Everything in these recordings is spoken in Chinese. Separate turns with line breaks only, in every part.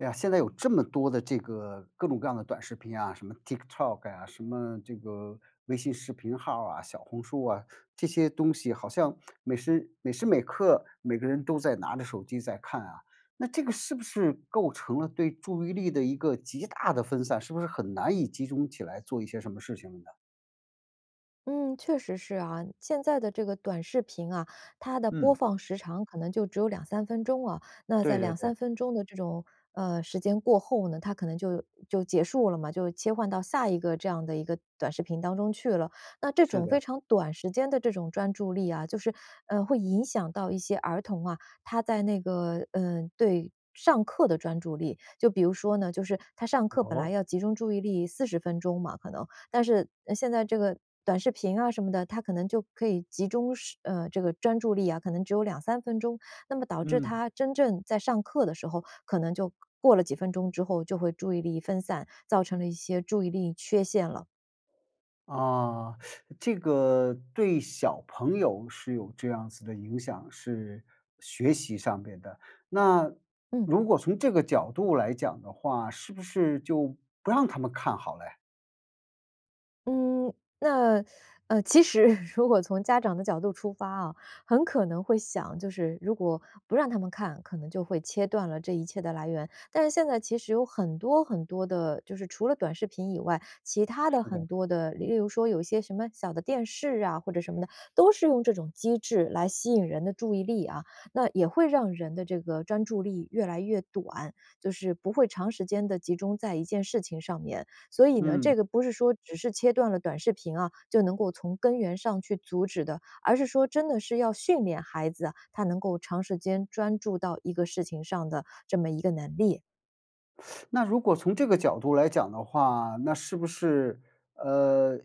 哎呀，现在有这么多的这个各种各样的短视频啊，什么 TikTok 呀，什么这个微信视频号儿啊，小红书啊，这些东西好像 每时每时每刻，每个人都在拿着手机在看啊。那这个是不是构成了对注意力的一个极大的分散，是不是很难以集中起来做一些什么事情了呢？
嗯，确实是啊。现在的这个短视频啊，它的播
嗯。
放时长可能就只有2-3分钟哦，那在
对对
两
对。
三分钟的这种，呃，时间过后呢，它可能就就结束了嘛，就切换到下一个这样的一个短视频当中去了。那这
是
种非
的。
常短时间的这种专注力啊，就是，呃，会影响到一些儿童啊，他在那个呃，对上课的专注力。就比如说呢，就是他上课本来
哦。
要集中注意力40分钟嘛可能，但是现在这个短视频啊什么的，他可能就可以集中时呃，这个专注力啊，可能只有2-3分钟。那么导致
嗯。
他真正在上课的时候，可能就过了几分钟之后，就会注意力分散，造成了一些注意力缺陷了。
啊，这个对小朋友是有这样子的影响，是学习上边的。那
嗯。
如果从这个角度来讲的话，是不是就不让他们看好嘞？
嗯，那，呃，其实 如果从家长的角度出发啊，很可能会想，就是如果不让他们看，可能就会切断了这一切的来源。但是现在其实有很多很多的，就是除了短视频以外，其他的
是的。
很多的，例如说有一些什么小的电视啊，或者什么的，都是用这种机制来吸引人的注意力啊。那也会让人的这个专注力越来越短，就是不会长时间地集中在一件事情上面。所以呢，这
嗯。
个不是说只是切断了短视频啊，就能够从根源上去阻止的。而是说真的是要训练孩子，他能够长时间专注到一个事情上的这么一个能力。
那如果从这个角度来讲的话，那是不是呃，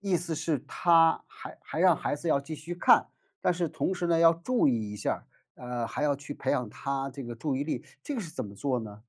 意思是他还还让孩子要继续看，但是同时呢，要注意一下儿，呃，还要去培养他这个注意力，这个是怎么做呢？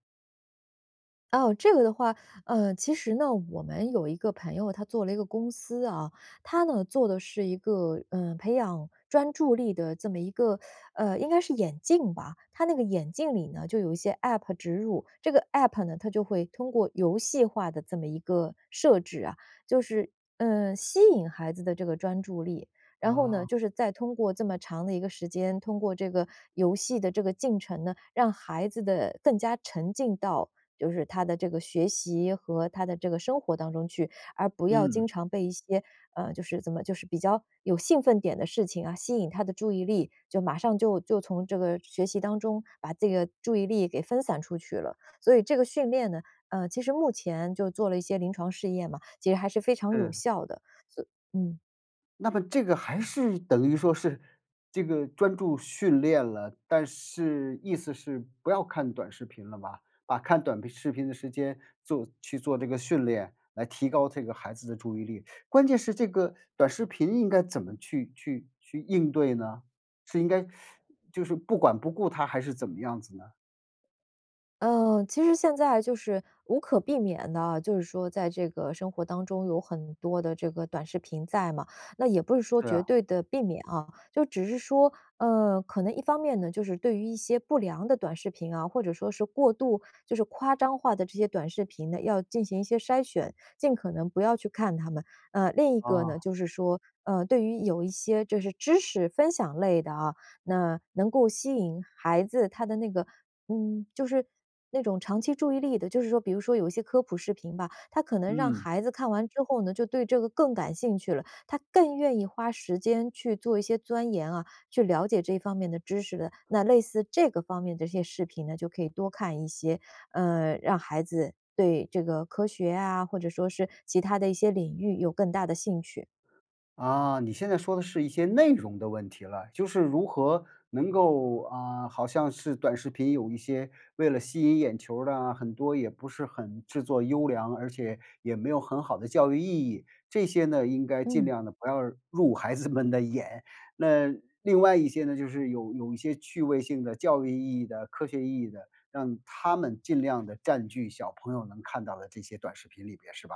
哦，这个的话，呃，其实呢，我们有一个朋友他做了一个公司哦，他呢做的是一个，嗯，培养专注力的这么一个，呃，应该是眼镜吧。他那个眼镜里呢，就有一些 App 植入。这个 App 呢，它就会通过游戏化的这么一个设置啊，就是，嗯，吸引孩子的这个专注力。然后呢，
啊。
就是再通过这么长的一个时间，通过这个游戏的这个进程呢，让孩子的更加沉浸到，就是他的这个学习和他的这个生活当中去，而不要经
嗯。
常被一些，呃，就是怎么就是比较有兴奋点的事情啊，吸引他的注意力，就马上就就从这个学习当中，把这个注意力给分散出去了。所以这个训练呢，呃，其实目前就做了一些临床试验嘛，其实还是非常有
嗯。
效的。所以嗯。
那么这个还是等于说是，这个专注训练了，但是意思是不要看短视频了吧，把看短视频的时间做去做这个训练，来提高这个孩子的注意力。关键是这个短视频应该怎么去去去应对呢？是应该 就是不管不顾它？还是怎么样子呢？
呃。其实现在就是，无可避免地啊，就是说在这个生活当中有很多的这个短视频在嘛。那也不是说
是
绝
啊。
对地避免啊，就只是说，呃，可能一方面呢，就是对于一些不良的短视频啊，或者说是过度就是夸张化的这些短视频呢，要进行一些筛选，尽可能不要去看它们。呃，另一个呢，
哦。
就是说，呃，对于有一些就是知识分享类的啊，那能够吸引孩子他的那个，嗯，就是那种长期注意力的，就是说比如说有一些科普视频吧，它可能让
嗯。
孩子看完之后呢，就对这个更感兴趣了，他更愿意花时间去做一些钻研啊，去了解这方面的知识的。那类似这个方面的一些视频呢，就可以多看一些，呃，让孩子对这个科学啊，或者说是其他的一些领域有更大的兴趣。
啊，你现在说的是一些内容的问题了。就是如何能够，呃好像是短视频有一些，为了吸引眼球儿的啊，很多也不是很制作优良，而且也没有很好的教育意义，这些呢，应该尽
嗯。
量地不要入孩子们的眼。那另外一些呢，就是有有一些趣味性的，教育意义的，科学意义的，让它们尽量地占据小朋友能看到的这些短视频里边，是吧？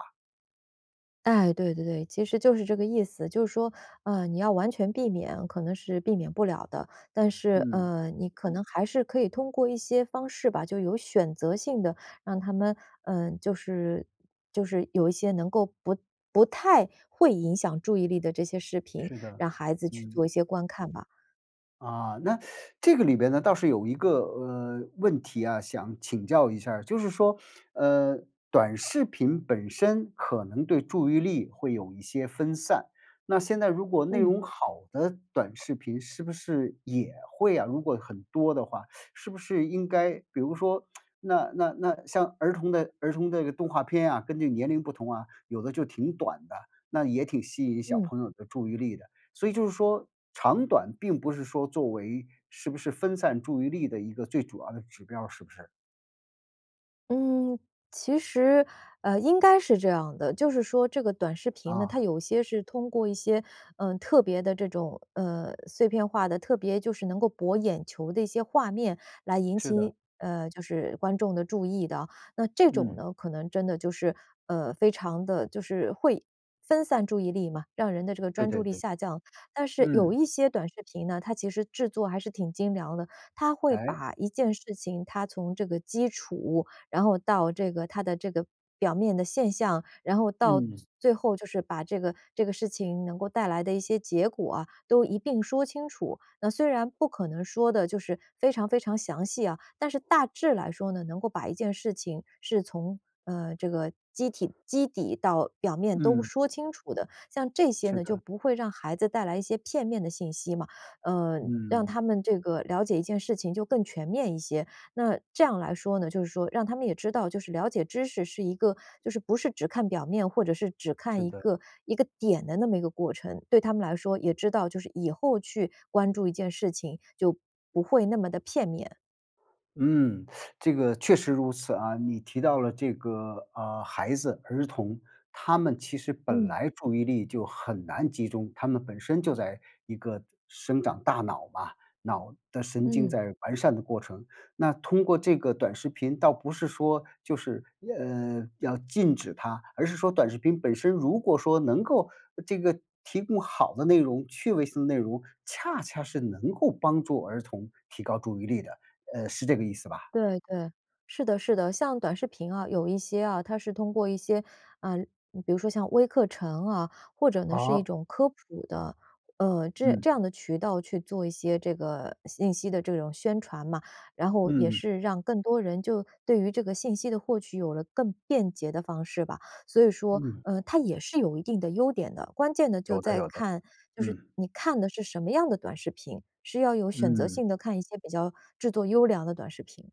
哎，对对对，其实就是这个意思。就是说，呃，你要完全避免，可能是避免不了的。但是，
嗯。
呃，你可能还是可以通过一些方式吧，就有选择性地让他们，呃，就是，就是有一些能够不不太会影响注意力的这些视频，
是的，
让孩子去
嗯。
做一些观看吧。
啊，那 这个里边呢，倒是有一个，呃，问题啊，想请教一下儿。就是说，呃，短视频本身可能对注意力会有一些分散，那现在如果内
嗯。
容好的短视频是不是也会啊如果很多的话，是不是应该比如说 那那那像儿童的儿童这个动画片啊，跟这年龄不同啊，有的就挺短的，那也挺吸引小
嗯。
朋友的注意力的，所以就是说长短并不是说作为是不是分散注意力的一个最主要的指标儿，是不是？
嗯，其实，呃，应该是这样的，就是说这个短视频呢，它
啊。
有些是通过一些，嗯，特别的这种，呃，碎片化的，特别就是能够博眼球的一些画面来引起
是的。
你呃，就是观众的注意的。那这种
嗯。
呢，可能真的就是，呃，非常地就是会分散注意力嘛，让人的这个
对
专注
对
力
对。
下降。但是有
嗯。
一些短视频呢，它其实制作还是挺精良的，它会
诶。
把一件事情它从这个基础，然后到这个它的这个表面的现象，然后到最
嗯。
最后就是把这个这个事情能够带来的一些结果啊，都一并说清楚。那虽然不可能说得就是非常非常详细啊，但是大致来说呢，能够把一件事情是从，呃，这个基体基底到表面都
嗯。
说清楚的。像这些
是
呢，就
的。
不会让孩子带来一些片面的信息嘛，呃，让
嗯。
他们这个，了解一件事情就更全面一些。那这样来说呢，就是说让他们也知道，就是了解知识是一个就是不是只看表面，或者是只看
是
一
的。
个，一个点的那么一个过程，对他们来说也知道就是以后去关注一件事情，就不会那么的片面。
嗯，这个确实如此啊。你提到了这个，呃，孩子、儿童，他们其实本
嗯。
来注意力就很难集中。他们本身就在一个生长大脑嘛，脑的神经
嗯。
在完善的过程。那通过这个短视频，倒不是说就是，呃，要禁止它，而是说短视频本身如果说能够这个提供好的内容、趣味性内容，恰恰是能够帮助儿童提高注意力的，呃，是这个意思吧？
对，对，是的是的。像短视频啊，有一些啊，它是通过一些，嗯，比如说像微课程啊，或者呢是一
啊。
种科普的，呃，这
嗯。
这样的渠道去做一些这个信息的这种宣传嘛。然后也
嗯。
是让更多人就对于这个信息的获取有了更便捷的方式吧。所以说，
嗯。
呃，它也是有一定的优点的，关键的就
有的
在
有的，
看就是
嗯。
你看的是什么样的短视频，是要有选择
嗯。
性地看一些比较制作优良的短视频。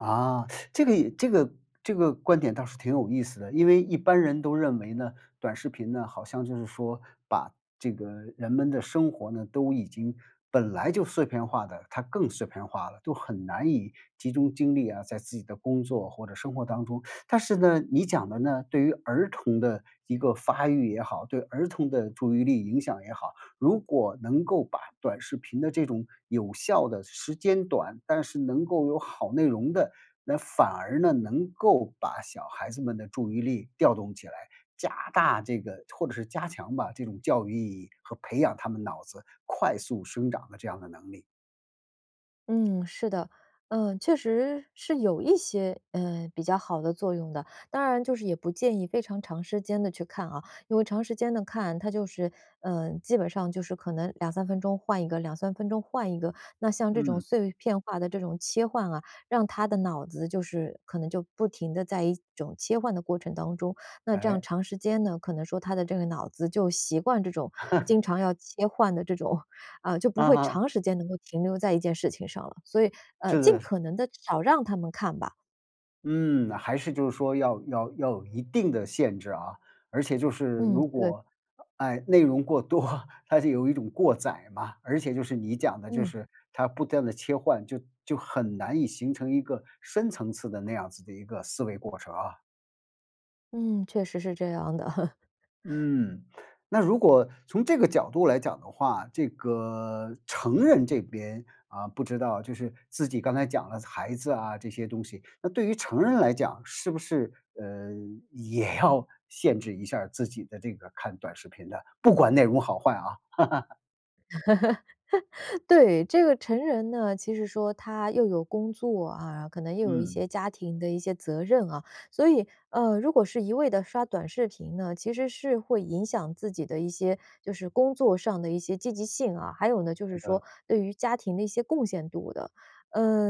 啊，这个也这个这个观点倒是挺有意思的。因为一般人都认为呢，短视频呢，好像就是说，把这个人们的生活呢，都已经本来就碎片化的，它更碎片化了，都很难以集中精力啊，在自己的工作或者生活当中。但是呢，你讲的呢，对于儿童的一个发育也好，对儿童的注意力影响也好，如果能够把短视频的这种有效的时间短，但是能够有好内容的，那反而呢，能够把小孩子们的注意力调动起来，加大这个或者是加强吧，这种教育意义和培养他们脑子快速生长的这样的能力。
嗯，是的。呃，确实是有一些，呃，比较好的作用的。当然就是也不建议非常长时间地去看啊，因为长时间地看，它就是，呃，基本上就是可能2-3分钟换一个，2-3分钟换一个，那像这种
嗯。
碎片化的这种切换啊，让他的脑子就是可能就不停地在一种切换的过程当中。那这样
哎？
长时间呢，可能说他的这个脑子就习惯这种经 常要切换的这种，啊，就不
嗯
会
哼。
长时间能够停留在一件事情上了，所以，呃，
是
尽
的，是。
可能地少让他们看吧。
嗯，还是就是说要要要有一定的限制啊。而且就是
嗯，
如
对。
果，啊，哎，内容过多，它是有一种过载嘛，而且就是你讲的就
嗯。
是，它不断地切换，就就很难以形成一个深层次的那样子的一个思维过程啊。
嗯，确实是这样的。
嗯，那如果从这个角度来讲的话，这个成人这边，啊，不知道，就是自己刚才讲了孩子啊这些东西。那对于成人来讲，是不是，呃，也要限制一下自己的这个看短视频的，不管内容好坏啊。
对，这个成人呢，其实说他又有工作啊，可能又有一
嗯。
些家庭的一些责任啊，所以，呃，如果是一味地刷短视频呢，其实是会影响自己的一些，就是工作上的一些积极性啊，还有呢就
是
是说
的。
对于家庭的一些贡献度的。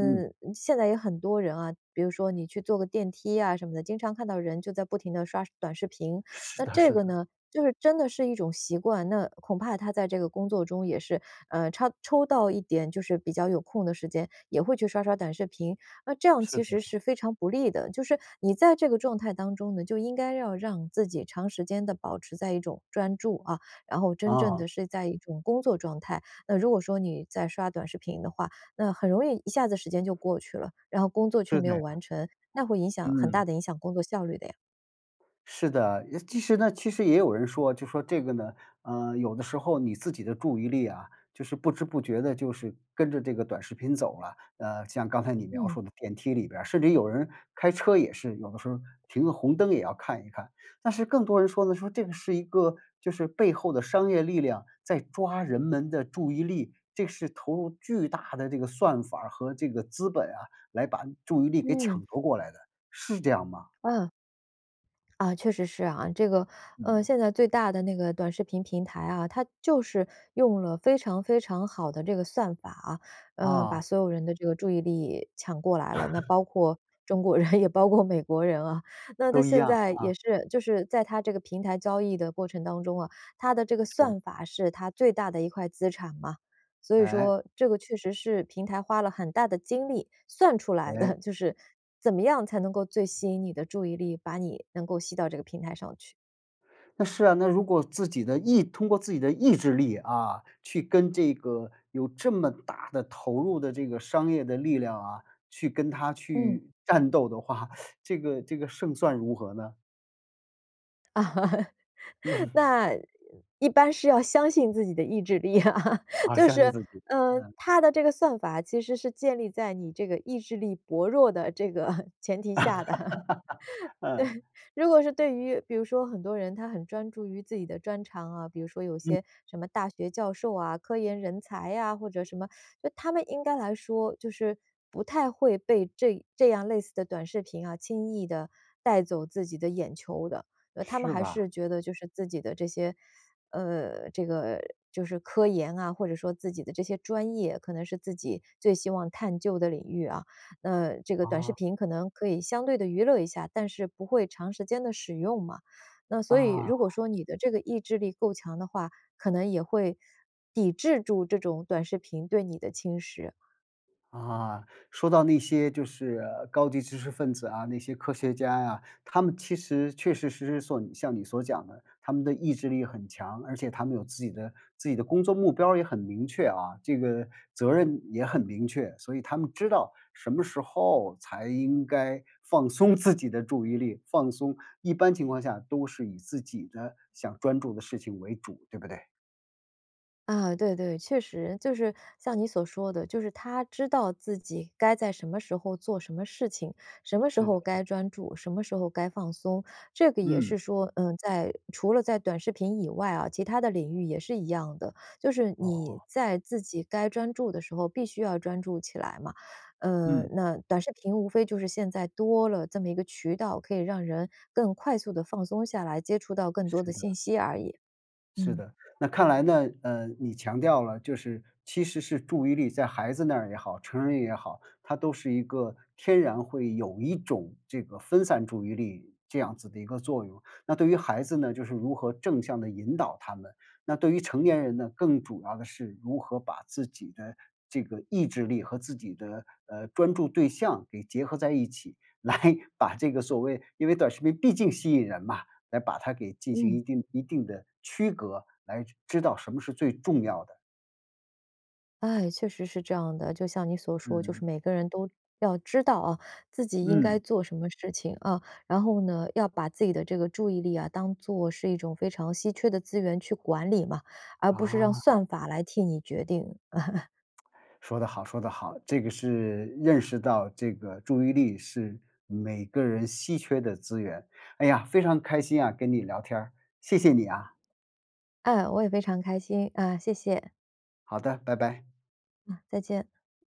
嗯。
现在也很多人啊，比如说你去坐个电梯啊什么的，经常看到人就在不停地刷短视频。
是
那
的
这
是
个
的。
呢，就是真的是一种习惯，那恐怕他在这个工作中也是，呃，插抽到一点就是比较有空的时间，也会去刷刷短视频。那这样
是
其
的。
实是非常不利的，就是你在这个状态当中呢，那就应该要让自己长时间地保持在一种专注，啊，然后真正
哦。
地是在一种工作状态。那如果说你在刷短视频的话，那很容易一下子时间就过去了，然后工作却
是
没
这
有
样。
完成，那会影响很
嗯。
大地影响工作效率的呀。
是的，也其实呢，其实也有人说，就说这个呢，呃，有的时候你自己的注意力啊，就是不知不觉地就是跟着这个短视频走了。呃，像刚才你描
嗯。
述的电梯里边儿，甚至有人开车也是，有的时候停个红灯也要看一看。但是更多人说的说这个是一个，就是背后的商业力量，在抓人们的注意力，这是投入巨大的这个算法儿和这个资本啊，来把注意力给
嗯。
抢夺过来的，是这样吗？
啊，啊，确实是啊，这个，呃，
嗯。
现在最大的那个短视频平台啊，它就是用了非常非常好的这个算法啊，呃，把
啊。
所有人的这个注意力抢过来了，那 包括中国人，也包括美国人啊。那它
都一
现
样，
在
啊。
也是，就是在它这个平台交易的过程当中啊，它的这个
是。
算法是它最大的一块资产嘛。所以
哎。
说这个确实是平台花了很大的精力算出来的，
哎。
就是怎么样才能够最吸引你的注意力，把你能够吸到这个平台上去。
那是啊，那如果自己的意通过自己的意志力，啊，去跟这个有这么大的投入的这个商业的力量啊，去跟它
嗯。
去战斗的话，这个这个胜算如何呢？嗯。
那，一般是要相信自己的意志力啊，
啊，
就
相信
是，
自己，
嗯，
嗯。
它的这个算法，其实是建立在你这个意志力薄弱的这个前提下的，
嗯。
对。如果是对于比如说很多人，他很专注于自己的专长啊，比如说有
嗯。
些什么大学教授啊，科研人才啊，或者什么，就他们应该来说，就是不太会被这这样类似的短视频啊，轻易地带走自己的眼球的。呃，他们
是
还
吧？
是觉得就是自己的这些呃，这个就是科研啊，或者说自己的这些专业，可能是自己最希望探究的领域啊，那这个短视
啊。
频可能可以相对地娱乐一下，但是不会长时间地使用嘛，那所以如果
啊。
说你的这个意志力够强的话，可能也会抵制住这种短视频对你的侵蚀。
啊，说到那些就是，呃，高级知识分子啊、那些科学家呀，他们其实确确实实所像你所讲的，他们的意志力很强。而且他们有自己的自己的工作目标儿也很明确啊，这个责任也很明确，所以他们知道什么时候才应该放松自己的注意力，放松。一般情况下都是以自己的想专注的事情为主，对不对？
啊，对对，确实，就是像你所说的，就是他知道自己该在什么时候做什么事情。什么时
是的。
候
嗯。
该专注、什么时候该放松，这个也
嗯。
是说，嗯，在除了在短视频以外啊，其它的领域也是一样的，就是你
哦。
在自己该专注的时候必须要专注起来嘛。呃，
嗯。
那短视频无非就是现在多了这么一个渠道，可以让人更快速地放松下来，接触到更多的
是的。
信息而已。
是
嗯。
的。那看来呢，呃，你强调了，就是其实是注意力在孩子那儿也好，成人也好，它都是一个天然会有一种这个分散注意力这样子的一个作用。那对于孩子呢，就是如何正向地引导他们，那对于成年人呢，更主要的是如何把自己的这个意志力和自己的，呃，专注对象给结合在一起，来把这个所谓因为短视频毕竟吸引人嘛，来把它给进行
嗯。
一定一定的区隔，来知道什么是最重要的。
哎，确实是这样的，就像你所说，就是
嗯。
每个人都要知道啊，自己应该
嗯。
做什么事情，啊，然后呢，要把自己的这个注意力啊，当作是一种非常稀缺的资源去管理嘛，而不是让
啊。
算法来替你来决定。
说的好说的好。这个是认识到这个注意力是每个人稀缺的资源。哎呀，非常开心啊，跟你聊天儿，谢谢你啊。
哎，我也非常开心，啊，谢谢。
好的，拜拜。
啊，再见。